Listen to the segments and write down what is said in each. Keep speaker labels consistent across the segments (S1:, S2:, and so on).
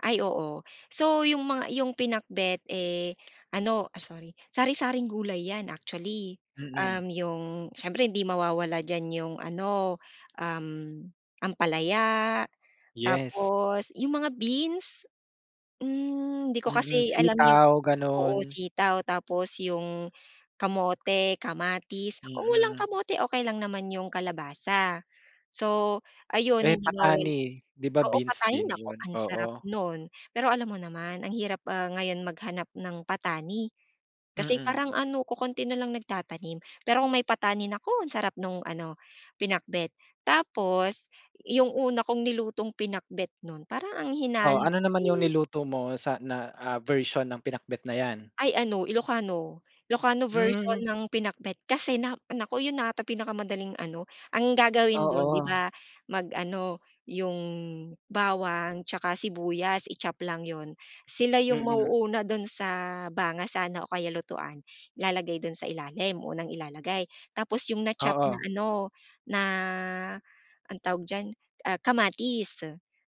S1: Ay oo. So 'yung mga 'yung pinakbet, eh, ano ah, sorry, sari-saring gulay 'yan actually.
S2: Mm.
S1: Um, 'yung, siyempre hindi mawawala diyan 'yung ano, um, ampalaya
S2: Yes.
S1: tapos 'yung mga beans, hmm, hindi ko
S2: Mm.
S1: kasi alam 'yung
S2: Sitaw,
S1: oo
S2: gano'n.
S1: sitaw, tapos 'yung kamote, kamatis, kung walang
S2: Mm.
S1: kamote okey lang naman 'yung kalabasa. So ayon
S2: Eh,
S1: hindi mawala
S2: patani 'di ba
S1: oo
S2: beans
S1: patani
S2: din
S1: nako
S2: 'yun?
S1: ang sarap
S2: Oo.
S1: nun. Pero alam mo naman ang hirap, ah, ngayon maghanap ng patani, kasi
S2: Mm.
S1: parang ano kokonti na lang nagtatanim. Pero kung may patani, nako ang sarap nung ano pinakbet, tapos 'yung una kong nilutong pinakbet nun parang ang
S2: Oh,
S1: hinalo
S2: ano
S1: ko
S2: naman 'yung
S1: eh
S2: niluto mo sa na, ah, version mo ng pinakbet na 'yan?
S1: Ay ano Ilokano, Ilokano version
S2: Hmm.
S1: ng pinakbet. Kasi na naku 'yun na ata pinakamadaling ano ang gagawin dun 'di
S2: Oo.
S1: ba mag-ano 'yung bawang 'tsaka sibuyas i-chop lang 'yun, sila 'yung
S2: Mm.
S1: mauuna dun sa banga sana o kaya lutuan, ilalagay dun sa ilalim, unang ilalagay. Tapos 'yung na-chop na
S2: Oo.
S1: ano na, ang tawag diyan, ah, kamatis.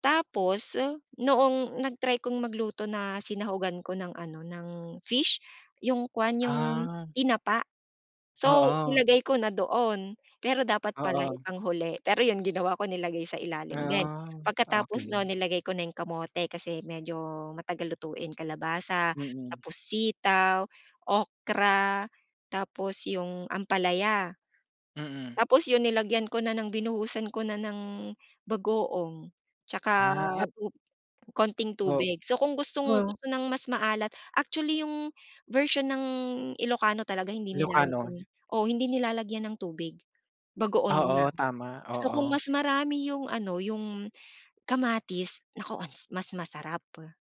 S1: Tapos noong nag-try kong magluto na sinahugan ko ng ano ng fish, 'yung kuwan 'yung
S2: Ah.
S1: tinapa, so
S2: Oo.
S1: nilagay ko na doon. Pero dapat pala
S2: Oo.
S1: ipang huli, pero 'yun ginawa ko nilagay sa ilalim din,
S2: Ah.
S1: pagkatapos nun
S2: Okey.
S1: nilagay ko na 'yung kamote kasi medyo matagal lutuin, kalabasa,
S2: Mm.
S1: tapos sitaw, okra, tapos 'yung ampalaya.
S2: Mm.
S1: Tapos 'yun nilagyan ko na ng binuhusan ko na ng bagoong
S2: Ah,
S1: 'tsaka
S2: um.
S1: konting
S2: O
S1: tubig. So kung
S2: Hmm.
S1: gustong-gusto ng mas maalat, actually 'yung version ng Ilokano talaga hindi
S2: Ilokano.
S1: nilalagyan eh oo hindi nilalagyan ng tubig, bagoong
S2: Oo,
S1: lang.
S2: tama.
S1: So kung
S2: Oo.
S1: mas marami 'yung ano, 'yung kamatis, nako ang mas masarap.